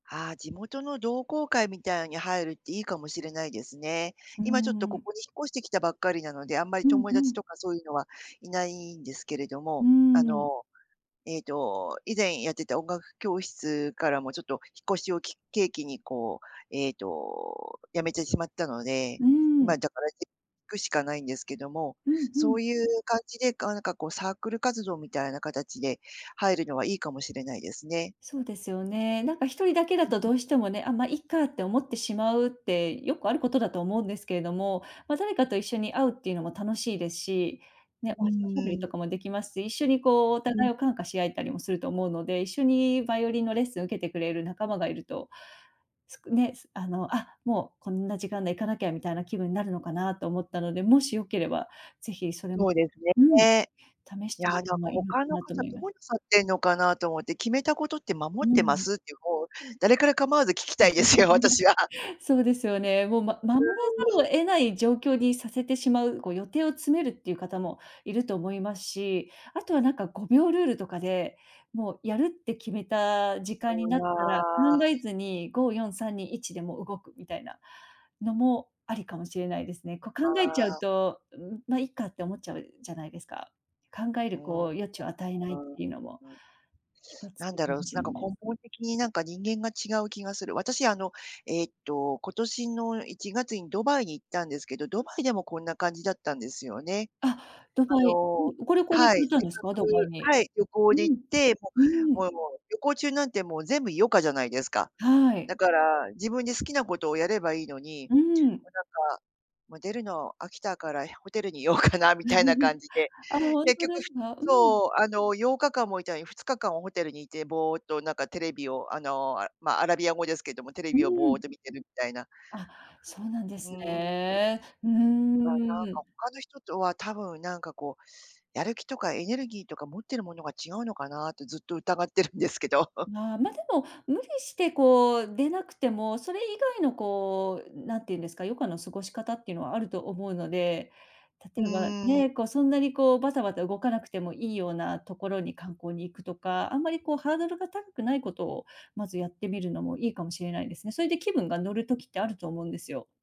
ああ、地元の同好会みたいに入るっていいかもしれないですね。うー今ちょっとこん。こに引っ越してきたばっかりなので、あんまりうん友う達ん。とかそういうのは、いないんですけれどうも。ーあん。の、ええと、以前やってた音楽教室からも、ちょっと引っ越しをき契機にこう、ええと、辞めてしまったので、うーん。今だから [unintelligible] くしかないんですけども、うんうそん。ういう感じで、あ、なんかこうサークル活動みたいな形で、入るのはいいかもしれないですね。そうですよね。なんか一人だけうだんとうどん。うしてもね「あ、ま、いっか」って思ってしまうってよくあることだと思うんですけれども、ま、誰かと一緒に会うっていうのも楽しいでし、うね、おしおしゃべりーとん。かも出来ますし、一緒にこう、おう互いん。を感化し合えたりもすると思うので、一緒にバイオリンのレッスン受けてくれる仲間がいると、すくね、すあの「あ、もうこんな時間だ行かなきゃ」みたいな気分なるのかなと思ったので、もしよければ、ぜひそれもそうですうん、ね。試しいや、てみてなんかもいいのか他のな方と思いどまうなさってんのかなと思って、決めたことって守うってまん。すって、もう、誰かれ構わず聞きたいですよ、私 [unintelligible] は。そうですよね。もう、まう守らざるーをん。得ない状況にさせてしまう、こう予定を詰めるっていう方もいると思いますし、あとはなんか5秒ルールとかで、もうやるって決めた時う間になったら、考わ。えずに、5、4、3、2、1でもう動くみたいな、のも、ありかもしれないですね。こう考あえちゃうあ。と「うん、ま、いっか」って思っちゃうじゃないですか。考えうん、る [unintelligible] うこう、余地を与えなーいってん、いうのも、うん。一つなんかだろう、もすしなんれかない根すね。本的に、なんか人間が違う気がする。私あの、ええと、今年の1月にドバイに行ったんですけど、ドバイでもこんな感じだったんですよね。あ、ドあバイうのん、ご旅行で行はかい、れたんせっですかか？ドバイくに。はい、旅行うで行ん。って、もうう、ーん。もうもう旅行中なんて、もう全部余暇じゃないですか。はだい。から、自分で好きなことをやればいいのに、もうん。う、なんか、もう出るの飽きたから、やホテルに居ようかなみたいな感 じで、あ、ほん結と局ですか？うん。そう、あの、8日間も居たのに2日間はホテルに居て、ぼうっと、なんかテレビを、あの、ま、アラビア語ですけども、テレうビをーぼうっん。と見てるたいな。あ、そうなんでうーすん。ね。うーま、なんか、ん。他の人とは多分なんかこう、やる気とかエネルギーとか、持ってるものが違うのかなってずっと疑ってるんですけど。まあ、ま、でも、無理してこう出なくても、それ以外のこう、なんて言うんですか、余暇の過ごし方っていうのはあると思うので、う例えば、ーん。ね、こう、そんなにこう、バタバタ動かなくてもいいようなところに観光に行くとか、あんまりこう、ハードルが高くないことをまずやってみるのもいいかもしれないですね。それで気分が乗る時ってあると思うんですよ。